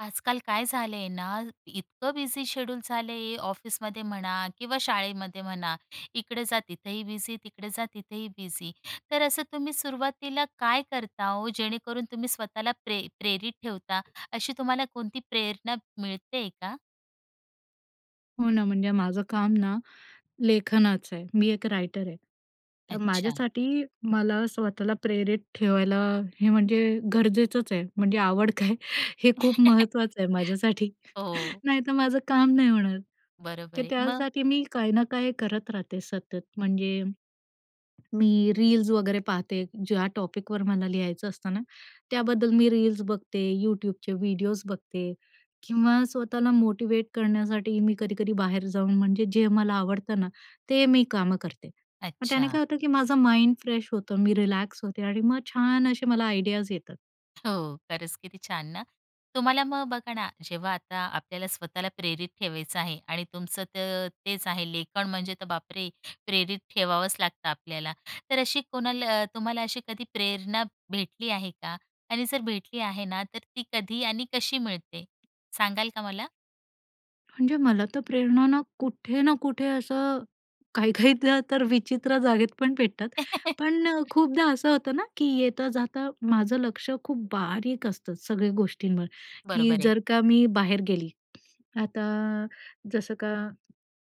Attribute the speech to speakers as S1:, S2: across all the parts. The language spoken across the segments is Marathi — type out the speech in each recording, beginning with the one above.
S1: आजकाल काय झाले आहे ना, इतकं बिझी शेड्यूल झालं आहे. ऑफिसमध्ये म्हणा किंवा शाळेमध्ये म्हणा, इकडे जा तिथंही बिझी, तिकडे जा तिथंही बिझी. तर असं तुम्ही सुरुवातीला काय करता ओ? जेणेकरून तुम्ही स्वतःला प्रे प्रेरित ठेवता. अशी तुम्हाला कोणती प्रेरणा मिळतेय का?
S2: हो, ना. म्हणजे माझं काम ना, लेखनाचं आहे. मी एक रायटर आहे. तर
S1: अच्छा.
S2: माझ्यासाठी मला स्वतःला प्रेरित ठेवायला. हे, म्हणजे गरजेचंच आहे. म्हणजे आवड काय हे खूप महत्त्वाचं आहे माझ्यासाठी,
S1: हो.
S2: नाहीतर माझं काम नाही होणार.
S1: बरोबर
S2: तर,
S1: आहे. मग?
S2: त्यासाठी मी काही ना काही करत राहते, सतत. म्हणजे, मी रील्स वगैरे पाहते. ज्या टॉपिकवर मला लिहायचं असतं ना, त्याबद्दल मी रील्स बघते, YouTubeचे व्हिडिओज बघते किंवा स्वतःला मोटिव्हेट करण्यासाठी, मी कधी-कधी बाहेर जाऊन म्हणजे जे मला आवडतं ना ते मी कामं करते. मग त्याने
S1: अच्छा.
S2: काय होतं, की माझं माइंड फ्रेश होतं, मी रिलॅक्स होते. आणि मग छान असे मला आयडियाज येतात.
S1: हो. खरंच किती छान ना. तुम्हाला मग बघा ना, जेव्हा आता आपल्याला स्वतःला प्रेरित ठेवायचं आहे आणि तुमचं तर तेच आहे. लेखन म्हणजे तर बापरे! प्रेरित ठेवावंच लागतं आपल्याला, तर अशी कोणाला अ, तुम्हाला अशी कधी प्रेरणा भेटली आहे का? आणि जर भेटली आहे ना, तर ती कधी आणि कशी मिळते सांगाल का मला?
S2: म्हणजे मला तर प्रेरणा ना, कुठे ना कुठे असं काही-काहीदा तर विचित्र जागेत पण पेटतात पण, खूपदा असं होतं ना की येता-जाता माझं लक्ष खूप बारीक असतं, सगळ्या गोष्टींवर. की
S1: बरोबर आहे.
S2: जर का मी बाहेर गेली. आता जसं का,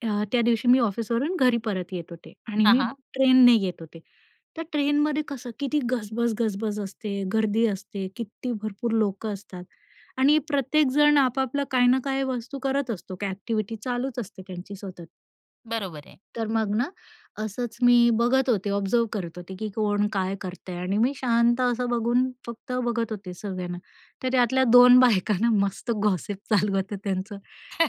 S2: अ, त्या दिवशी मी ऑफिसवरून घरी परत येत होते आणि
S1: हां,
S2: मी
S1: हां.
S2: ट्रेनने येत होते, तर ट्रेनमध्ये कसं किती गजबज गजबज असते, गर्दी असते, किती भरपूर लोकं असतात आणि प्रत्येकजण आपापला काही ना काही वस्तू करत असतो, काय एक्टिविटी चालूच असते त्यांची सतत.
S1: बरोबर आहे.
S2: तर मग ना, असंच मी बघत होते, ऑब्झर्व्ह करत होते, की कोण काय करतंय आणि मी शांत असं बघून फक्त बघत होते सगळ्यांना. तर त्यातल्या दोन बायका ना मस्त गॉसिप चालू होतं त्यांचं,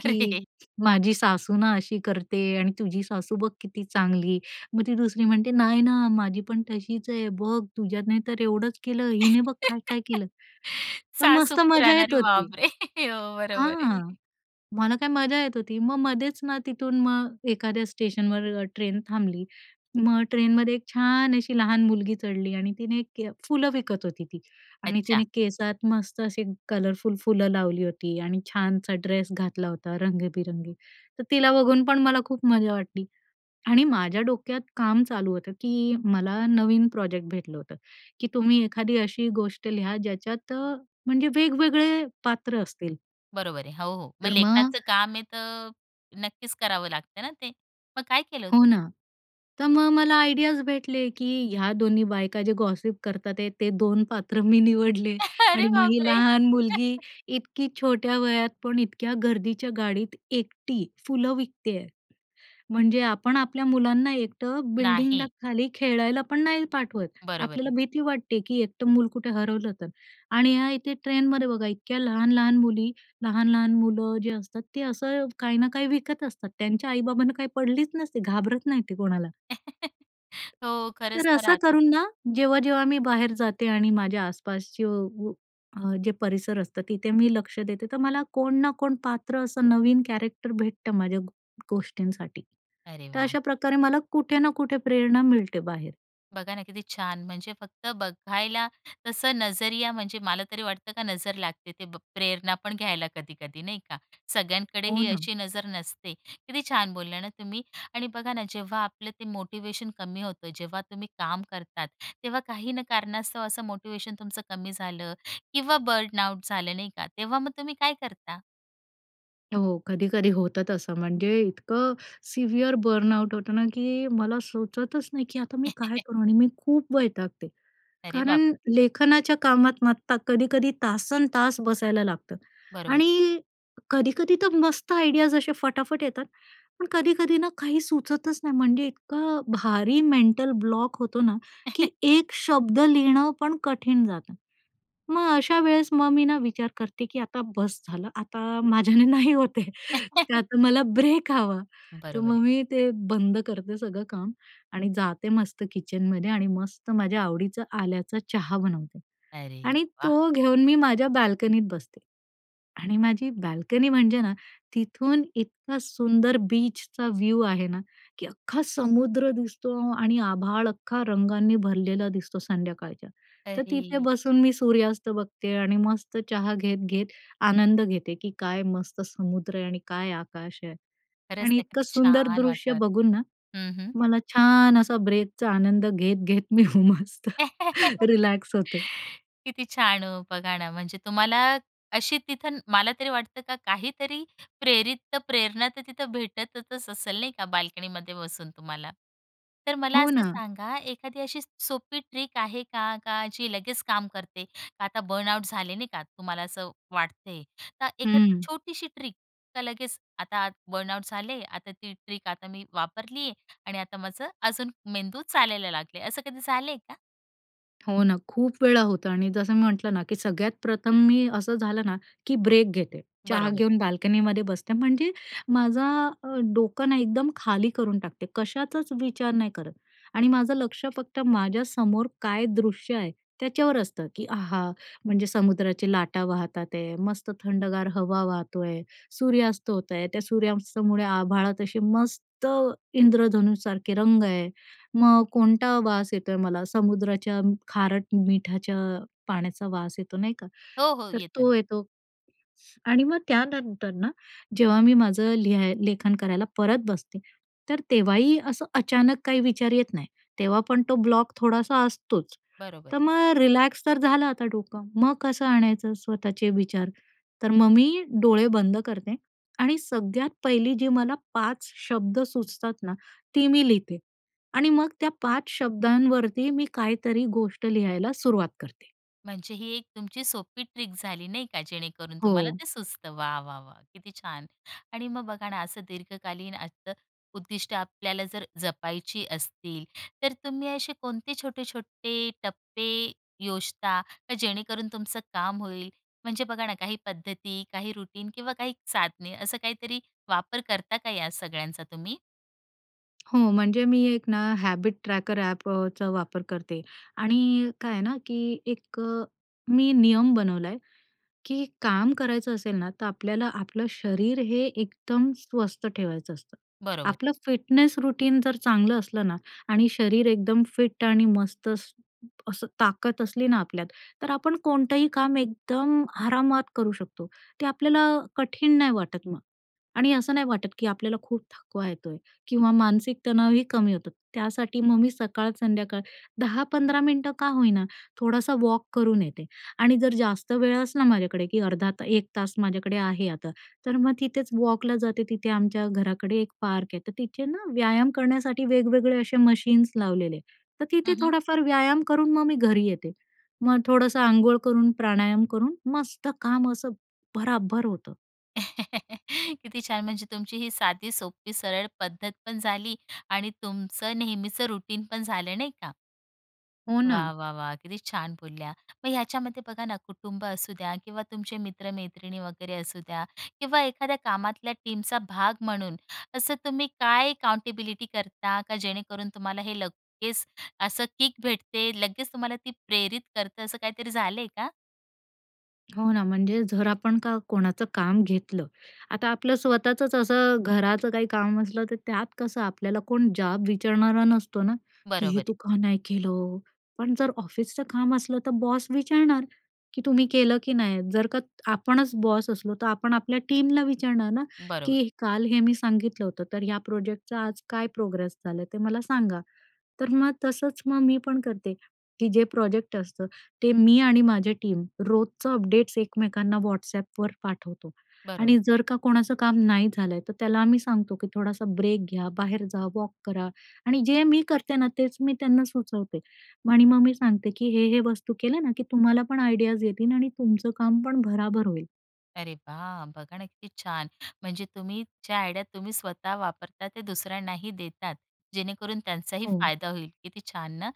S2: की माझी सासू ना, अशी करते आणि तुझी सासू बघ किती चांगली. मग ती दुसरी म्हणते, "नाही ना, माझी पण तशीच आहे, बघ तुझ्यात नाही तर एवढंच केलं, हिने बघ काय-काय केलं"? तर
S1: सासू
S2: मस्त मजा
S1: पुराण अरे
S2: येत होती
S1: बाप रे! हो, हो. बरोबर
S2: हां.
S1: आहे.
S2: मला काय मजा येत होती, मग मधेच ना तिथून मग एखाद्या स्टेशनवर अ ट्रेन थांबली. मग ट्रेनमध्ये एक छान अशी लहान मुलगी चढली आणि तिने फुलं विकत होती ती. आणि तिने
S1: अच्छा.
S2: केसात मस्त असे कलरफुल फुलं लावली होती आणि छानसा ड्रेस घातला होता रंगी-बेरंगी, तर तिला बघून पण मला खूप मजा वाटली. आणि माझ्या डोक्यात काम चालू होतं, की मला नवीन प्रोजेक्ट भेटलं होतं, की तुम्ही एखादी अशी गोष्ट लिहा ज्याच्यात अ म्हणजे वेग-वेगळे पात्र असतील.
S1: बरोबर आहे. हो, हो. मग
S2: तर मग
S1: लेखनाचं काम आहे तर नक्कीच करावं लागतं ना ते? मग काय केलं
S2: हो
S1: तुम्ही?
S2: ना. तर मग मला आयडियाज भेटले की ह्या 2 ही बायका ज्या गॉसिप करतात आहेत ते 2 पात्र मी निवडले
S1: अरे
S2: आणि मग ही
S1: बापरे!
S2: लहान मुलगी इतकी छोट्या वयात पण इतक्या गर्दीच्या गाडीत एकटी फुलं विकती आहे. म्हणजे आपण आपल्या मुलांना एकटं बिल्डिंगला
S1: नाही.
S2: खाली खेळायला पण नाही पाठवत.
S1: बरोबर
S2: आपल्याला
S1: आहे.
S2: भीती वाटते, की एकटं मूल कुठे हरवलं तर? आणि ह्या इथे ट्रेनमध्ये बघा इतक्या लहान-लहान मुली, लहान-लहान मुलं जे असतात, ते असं काही ना काही विकत असतात. त्यांच्या आई-बाबांना काही पडलीच नसते, घाबरत नाही ते कोणाला.
S1: हो,
S2: तर
S1: खरंच तर
S2: असं
S1: राहतात.
S2: करून ना, जेव्हा-जेव्हा मी बाहेर जाते आणि माझ्या आसपासचं व अ, जे परिसर असतं, तिथे मी लक्ष देते, तर मला कोण ना कोण पात्र असं नवीन कॅरेक्टर भेटतं माझ्या गो गोष्टींसाठी.
S1: अरे
S2: तर
S1: वाह!
S2: अशा प्रकारे मला कुठे ना कुठे प्रेरणा मिळते बाहेर.
S1: बघा ना, किती छान! म्हणजे फक्त बघायला तसं नजरिया म्हणजे मला तरी वाटतं का नजर लागते, ते ब प्रेरणा पण घ्यायला कधी-कधी, नाही का? सगळ्यांकडे
S2: हो
S1: ही
S2: ना.
S1: अशी नजर नसते. किती छान बोलला ना तुम्ही. आणि बघा ना, जेव्हा आपलं ते मोटिवेशन कमी होतं, जेव्हा तुम्ही काम करतात तेव्हा काही न कारणास्तव असं मोटिवेशन तुमचं कमी झालं किंवा बर्न आउट झालं, नाही का, तेव्हा मग तुम्ही काय करता?
S2: हो, कधी-कधी होतं तसं म्हणजे इतकं सिव्हिअर बर्नआउट होतं ना, की मला सुचतच नाही की आता मी काय करू? आणि मी खूप वैतागते.
S1: अरे बाप रे!
S2: कारण लेखनाच्या कामात मात्र कधी-कधी तासन् तास बसायला लागतं.
S1: बरोबर.
S2: आणि कधी-कधी तर मस्त आयडियाज असे फटाफट येतात. पण कधी-कधी ना काही सुचतच नाही म्हणजे इतकं भारी मेंटल ब्लॉक होतो ना, की एक शब्द लिहिणं पण कठीण जातं. मग अशा वेळेस मग मी ना विचार करते की आता बस्स झालं. आता माझ्याने नाही होत आहे. तर आता मला ब्रेक हवा. तर
S1: बरोबर
S2: मग
S1: आहे.
S2: मी ते बंद करते सगळं काम, आणि जाते मस्त किचनमध्ये आणि मस्त माझ्या आवडीचा आल्याचा चहा बनवते
S1: अरे
S2: आणि
S1: वाह!
S2: तो घेऊन मी माझ्या बाल्कनीत बसते. आणि माझी बाल्कनी म्हणजे ना, तिथून इतका सुंदर बीचचा व्ह्यु आहे ना, की अख्खा समुद्र दिसतो आणि आभाळ अख्खा रंगांनी भरलेलं दिसतो संध्याकाळच्या. तर तिथे
S1: अरे!
S2: बसून मी सूर्यास्त बघते आणि मस्त चहा घेत-घेत आनंद घेते की काय मस्त समुद्र आहे आणि काय आकाश आहे.
S1: खरंच
S2: आणि
S1: ना.
S2: इतकं
S1: किती
S2: सुंदर
S1: छान
S2: दृश्य
S1: वातावरण
S2: बघून ना,
S1: आहे. हं, हं.
S2: मला छान असा ब्रेकचा आनंद घेत, घेत मी हो मस्त रिलॅक्स होते.
S1: किती छान हो बघा ना, म्हणजे तुम्हाला अशी तिथं मला तरी वाटतं का काहीतरी प्रेरित्त प्रेरणा तर तिथं भेटतचच असेल, नाही का, बाल्कनीमध्ये बसून तुम्हाला. तर मला
S2: हो
S1: असं
S2: ना.
S1: सांगा एखादी अशी सोपी ट्रिक आहे का का जी लगेच काम करते? का आता बर्नआउट झाले, नाही का, तुम्हाला असं वाटतेय. तर एखादी
S2: हं.
S1: छोटीशी ट्रिक का लगेच आता बर्नआउट झाले, आता ती ट्रिक आता मी वापरली आहे आणि आता माझं अजून मेंदू चालायला लागले. असं कधी झालंय का?
S2: हो ना, खूप वेळा होतं आणि जसं मी म्हटलं ना, की सगळ्यात प्रथम मी असं झालं ना, की ब्रेक घेते, चहा
S1: बरोबर.
S2: घेऊन बाल्कनीमध्ये बसते, म्हणजे माझा अ, डोकं ना एकदम खाली करून टाकते, कशाचाच विचार नाही करत आणि माझं लक्ष फक्त माझ्या समोर काय दृश्य आहे त्याच्यावर असतं की, आहा! म्हणजे समुद्राच्या लाटा वाहत आहेत, मस्त थंडगार हवा वाहतोय, सूर्यास्त होत आहे, त्या सूर्यास्तामुळे आभाळात अशी मस्त इंद्रधनुसारखे रंग आहे, मग कोणता वास येतोय मला? समुद्राच्या खारट मिठाच्या पाण्याचा वास येतो नाही का?
S1: हो, हो.
S2: तर
S1: येतं ना.
S2: तो येतो आणि मग त्यानंतर ना जेव्हा मी माझं लिहाय लेखन करायला परत बसते, तर तेव्हाही असं अचानक काही विचार येत नाही, तेव्हा पण तो ब्लॉक थोडासा असतोच.
S1: बरोबर
S2: तर
S1: आहे.
S2: मग रिलॅक्स तर झालं आता डोकं, मग कसं आणायचं स्वतःचे विचार? तर मग मी डोळे बंद करते आणि सगळ्यात पहिली जी मला 5 शब्द सुचतात ना ती मी लिहिते आणि मग त्या 5 शब्दांवरती मी काहीतरी गोष्ट लिहायला सुरुवात करते.
S1: म्हणजे ही 1 तुमची सोपी ट्रिक झाली नाही का? जेणेकरून तुम्हाला
S2: हो.
S1: ते सुचतं. वा! वा! वा! किती छान! आणि मग बघा ना, असं दीर्घकालीन असतं-उद्दिष्टं आपल्याला जर जपायची असतील, तर तुम्ही असे कोणते छोटे-छोटे टप्पे योजता का जेणेकरून तुमचं काम होईल? म्हणजे बघा ना, काही पद्धती, काही रुटीन किंवा काही साधने असं काहीतरी वापर करता का या सगळ्यांचा तुम्ही?
S2: हो, म्हणजे मी 1 ना हॅबिट ट्रॅकर ॲप अ, चा वापर करते. आणि काय आहे ना, की 1 अ, मी नियम बनवलाय, की काम करायचं असेल ना, तर आपल्याला आपलं शरीर हे एकदम स्वस्थ ठेवायचं असतं.
S1: बरोबर.
S2: आपलं फिटनेस रूटीन जर चांगलं असलं ना आणि शरीर एकदम फिट आणि मस्त स्स असं ताकद असली ना आपल्यात, तर आपण कोणतंही काम एकदम आरामात करू शकतो. ते आपल्याला कठीण नाही वाटत मग आणि असं नाही वाटत, की आपल्याला खूप थकवा येतोय किंवा मानसिक तणावही कमी होतात. त्यासाठी मग मी सकाळ संध्याकाळ 10-15 मिनिटं का होईना, थोडासा वॉक करून येते आणि जर जास्त वेळ असला माझ्याकडे की अर्धा 1 तास माझ्याकडे आहे. आता तर मग तिथेच वॉकला जाते. तिथे आमच्या घराकडे 1 पार्क आहे. तर तिथे ना व्यायाम करण्यासाठी वेगवेगळे असे मशीन्स लावलेले. तर तिथे
S1: हं, हं.
S2: थोडाफार व्यायाम करून मग मी घरी येते. मग थोडंसं अंघोळ करून, प्राणायाम करून मस्त काम असं भराभर होतं.
S1: किती छान, म्हणजे तुमची ही साधी, सोपी, सरळ पद्धतपण झाली आणि तुमचं नेहमीचं रूटीनपण झालं नाही का.
S2: हो ना.
S1: वाह, वाह, वाह! किती छान बोलल्या. मग ह्याच्यामध्ये बघा ना कुटुंब असू द्या किंवा तुमचे मित्र-मैत्रिणी वगैरे असू द्या किंवा एखाद्या कामातल्या टीमचा भाग म्हणून असं तुम्ही काय काउंटेबिलिटी करता, का जेणेकरून तुम्हाला हे लगेच असं किक भेटते, लगेच तुम्हाला ती प्रेरित करतं, असं काहीतरी झालंय का?
S2: हो ना, म्हणजे जर आपण का कोणाचं काम घेतलं, आता आपलं स्वतःचंच असं घराचं काही काम असलं तर त्यात कसं आपल्याला कोण जाब विचारणारा नसतो ना, की हे
S1: बरोबरंय.
S2: तू का नाही केलं? पण जर ऑफिसचं काम असलं तर बॉस विचारणार की "तुम्ही केलं की नाय?" जर का आपणच बॉस असलो तर आपण आपल्या टीमला विचारणार ना,
S1: बरोबर.
S2: की "काल हे मी सांगितलं होतं तर या प्रोजेक्टचा आज काय प्रोग्रेस झालंय ते मला सांगा." तर मग तसंच मग मी पण करते, की जे प्रोजेक्ट असतं, ते मी आणि माझ्या टीम रोजचं अपडेट्स एकमेकांना WhatsAppवर पाठवतो
S1: बरोबर.
S2: आणि जर का कोणाचं काम नाही झालंय तर त्याला आम्ही सांगतो, की "थोडासा ब्रेक घ्या, बाहेर जा, वॉक करा." आणि जे मी करते ना तेच मी त्यांना सुचवते आणि मग मी सांगते, की "हे-हे वस्तू केल्या ना की तुम्हाला पण आयडियाज येतील आणि तुमचं काम पण भरा-भर होईल."
S1: अरे वाह! बघा ना, किती छान! म्हणजे तुम्ही ज्या आयडियात तुम्ही स्वतः वापरता ते दुसऱ्यांनाही देतात. जेणेकरून त्यांचाही
S2: हो.
S1: फायदा होईल. किती छान ना,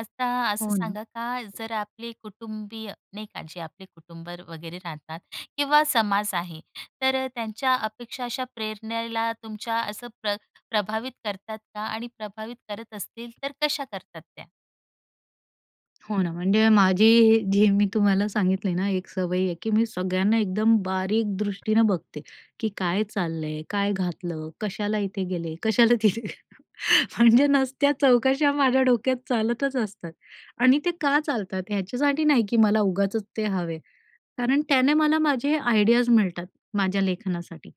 S1: आता असं
S2: हो ना.
S1: सांगा का जर आपले कुटुंबीय नाही का. जे आपले कुटुंब वगैरे राहतात किंवा समाज आहे. तर त्यांच्या अपेक्षा अशा प्रेरणेला तुमच्या असं प्र प्रभावित करतात का? आणि प्रभावित करत असतील तर कशा करतात त्या?
S2: हो ना, म्हणजे माझी ही जी मी तुम्हाला सांगितली ना एक सवय आहे की, मी सगळ्यांना एकदम बारीक दृष्टीनं बघते, की काय चाललंय? काय घातलं? कशाला इथे गेले? कशाला तिथे? म्हणजे नसत्या चौकशा माझ्या डोक्यात चालतच असतात. आणि ते का चालतात? ह्याच्यासाठी नाही की मला उगाचच ते हवे, कारण त्याने मला माझे आयडियाज मिळतात; माझ्या लेखनासाठी.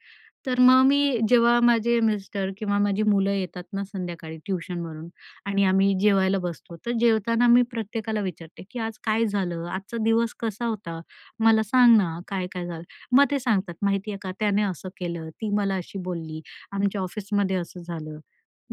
S2: तर मग मी जेव्हा माझे मिस्टर किंवा माझी मुलं येतात ना संध्याकाळी ट्युशनवरून आणि आम्ही जेवायला बसतो, तर जेवताना मी प्रत्येकाला विचारते की, आज काय झालं? आजचा दिवस कसा होता? मला सांग ना, काय काय झालं? मग ते सांगतात, माहिती आहे का त्याने असं केलं, ती मला अशी बोलली, आमच्या ऑफिसमध्ये असं झालं.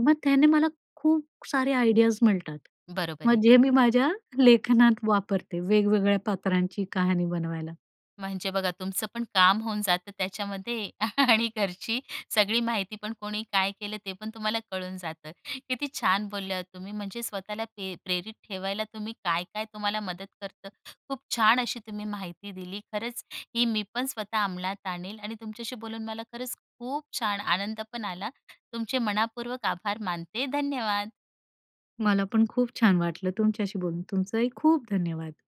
S2: मग त्याने मला खूप सारे आयडियाज मिळतात.
S1: बरोबर आहे.
S2: मग जे मी माझ्या लेखनात वापरते, वेगवेगळ्या पात्रांची कहाणी बनवायला.
S1: म्हणजे बघा, तुमचं पण काम होऊन जातं त्याच्यामध्ये आणि घरची सगळी माहिती पण कोणी काय केलं ते पण तुम्हाला कळून जातं. किती छान बोलल्या ओ तुम्ही! म्हणजे स्वतःला पि प्रेरित ठेवायला, तुम्ही काय-काय तुम्हाला मदत करतं, खूप छान अशी तुम्ही माहिती दिली. खरंच ही मी पण स्वतः अमलात आणील आणि तुमच्याशी बोलून मला खरंच खूप छान आनंद पण आला. तुमचे मनःपूर्वक आभार मानते. धन्यवाद.
S2: मला पण खूप छान वाटलं तुमच्याशी बोलून. तुमचंही खूप धन्यवाद.